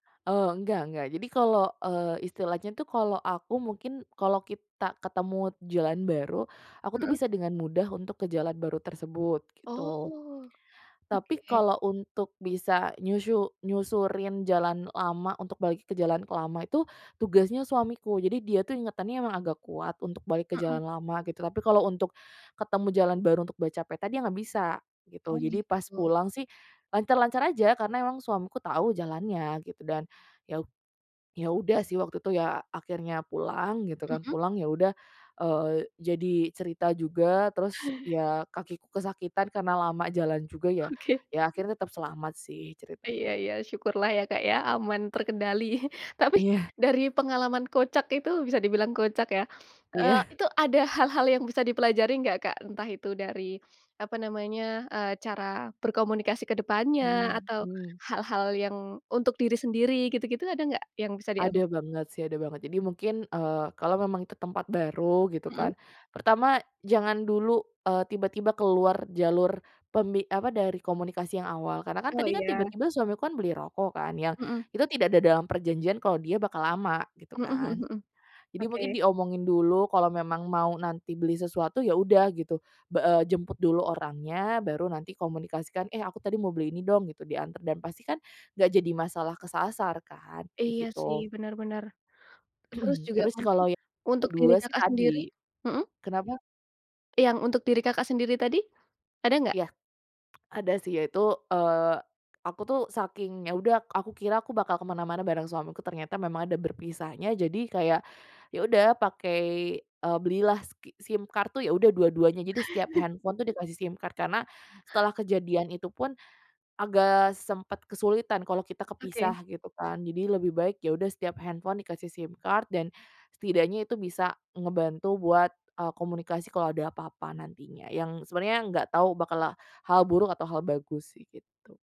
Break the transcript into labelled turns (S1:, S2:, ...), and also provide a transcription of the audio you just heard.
S1: Eee, enggak enggak. Jadi kalau, eee, istilahnya, tuh, kalau aku mungkin kalau kita ketemu jalan baru, aku, tuh,
S2: Mmm.
S1: bisa dengan mudah untuk ke jalan baru tersebut, gitu.
S2: Oh.
S1: Tapi
S2: Oke.
S1: kalau untuk bisa nyusyu nyusurin jalan lama untuk balik ke jalan lama itu tugasnya suamiku. Jadi dia, tuh, ingatannya emang agak kuat untuk balik ke
S2: Mmm.
S1: jalan lama, gitu, tapi kalau untuk ketemu jalan baru, untuk baca peta, dia nggak bisa,
S2: Oh,
S1: gitu. Jadi pas
S2: gitu.
S1: pulang, sih, lancar-lancar aja karena emang suamiku tau jalannya, gitu. Dan, ya u ya, udah, sih waktu itu, ya, akhirnya pulang, gitu, kan,
S2: Mmm.
S1: pulang, ya, udah, eee, jadi cerita juga, terus, ya, kakiku kesakitan karena lama jalan juga, ya.
S2: Oke.
S1: Ya, akhirnya tetap selamat, sih, ceritanya.
S2: Iya iya. Syukurlah, ya, Kak, ya, aman terkendali. Tapi
S1: Iya.
S2: dari pengalaman kocak itu bisa dibilang kocak, ya, eee,
S1: Iya.
S2: itu ada hal-hal yang bisa dipelajari nggak, Kak? Entah itu dari apa namanya, eee, cara berkomunikasi ke depannya
S1: Mmm
S2: atau
S1: mmm.
S2: hal-hal yang untuk diri sendiri, gitu-gitu, ada nggak yang bisa
S1: Ada
S2: diambil?
S1: banget, sih, ada banget. Jadi mungkin, eee, kalau memang itu tempat baru, gitu, kan,
S2: Mmm.
S1: pertama, jangan dulu, eee, tiba-tiba keluar jalur pemi apa, dari komunikasi yang awal. Karena, kan,
S2: Oh,
S1: tadi, kan,
S2: iya.
S1: tiba-tiba suamiku, kan, beli rokok, kan, yang
S2: Mmm.
S1: itu tidak ada dalam perjanjian kalau dia bakal lama, gitu,
S2: Mhm
S1: kan.
S2: mhm mhm.
S1: Jadi mungkin
S2: Oke.
S1: diomongin dulu kalau memang mau nanti beli sesuatu, ya, udah, gitu. Ba eee, jemput dulu orangnya, baru nanti komunikasikan, "Eh, aku tadi mau beli ini, dong." Gitu, diantar dan pastikan nggak jadi masalah kesasar, kan, kayak
S2: Iya, sih,
S1: gitu.
S2: benar benar. Terus juga
S1: Terus
S2: mungkin
S1: kalau yang
S2: untuk diri
S1: ke-2 sih,
S2: Kakak
S1: tadi.
S2: sendiri mhm?
S1: Kenapa?
S2: Yang untuk diri Kakak sendiri tadi, ada nggak?
S1: Iya. Ada, sih, yaitu, eee, aku, tuh, saking, ya, udah, aku kira aku bakal ke mana-mana bareng suamiku, ternyata memang ada berpisahnya, jadi kayak, ya, udah, pakai, eee, belilah ski SIM card, tuh, ya, udah dua-duanya. Jadi setiap handphone, tuh, dikasih SIM card karena setelah kejadian itu, pun, agak sempat kesulitan kalau kita
S2: Oke.
S1: kepisah, gitu, kan. Jadi lebih baik, ya, udah setiap handphone dikasih SIM card dan setidaknya itu bisa ngebantu buat, eee, komunikasi kalau ada apa-apa nantinya, yang sebenernya nggak tau bakal hal buruk atau hal bagus, sih, gitu.